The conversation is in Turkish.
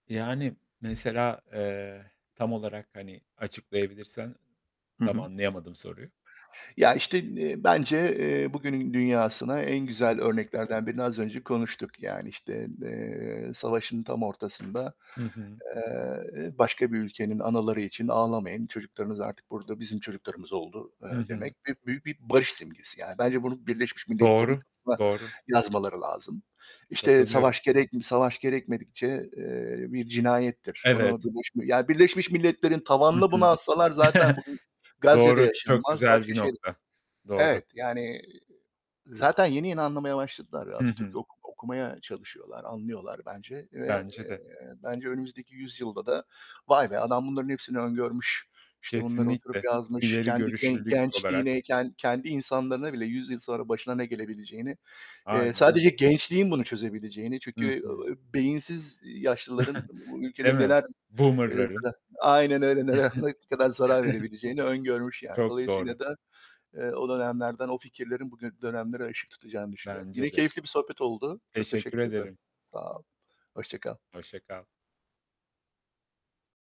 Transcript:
Yani, mesela, eee, tam olarak, hani, açıklayabilirsen Hı tam hı. anlayamadım soruyu. Ya, işte, eee, bence, eee, bugünün dünyasına en Hı hı. güzel örneklerden birini az önce konuştuk. Yani, işte, eee, savaşın tam ortasında, Hı hı. eee, "Başka bir ülkenin anaları için ağlamayın, çocuklarınız artık burada, bizim çocuklarımız oldu.", eee, Hı hı. demek bir büyük bir barış simgesi, yani bence bunu Birleşmiş Milletlerin Doğru, kapısına doğru. yazmaları lazım. İşte, Katılıyorum. "Savaş gerek savaş gerekmedikçe, eee, bir cinayettir." bunu, Evet. Birleşmiş Ya, Birleşmiş Milletlerin Hı tavanına bunu hı. assalar zaten bugün Gazze'de Doğru, çok yaşanmaz, güzel başka bir şey de nokta. Doğru. Evet, yani, zaten yeni yeni anlamaya başladılar, Hı hı. Atatürk'ü oku okumaya çalışıyorlar, anlıyorlar bence ve, Bence eee, de. bence önümüzdeki yüzyılda da vay be, adam bunların hepsini öngörmüş, işte, bunları oturup, Kesinlikle, yazmış, ileri kendi gen görüşlülük olarak. gençliğine ken kendi insanlarına bile yüzyıl sonra başına ne gelebileceğini, eee, Aynen sadece öyle. gençliğin bunu çözebileceğini, çünkü Hı hı. eee, beyinsiz yaşlıların bu Değil ülkede mi? neler, eee, Boomer'ların? zar Aynen öyle, ne ne kadar zarar verebileceğini öngörmüş yani. Çok Dolayısıyla doğru. da, eee, o dönemlerden o fikirlerin bugü dönemlere ışık tutacağını düşünüyorum. Yine Bence de. keyifli bir sohbet oldu. Çok Teşekkür teşekkür ederim. ederim. Sağ ol. Hoşça kal. Hoşça kal.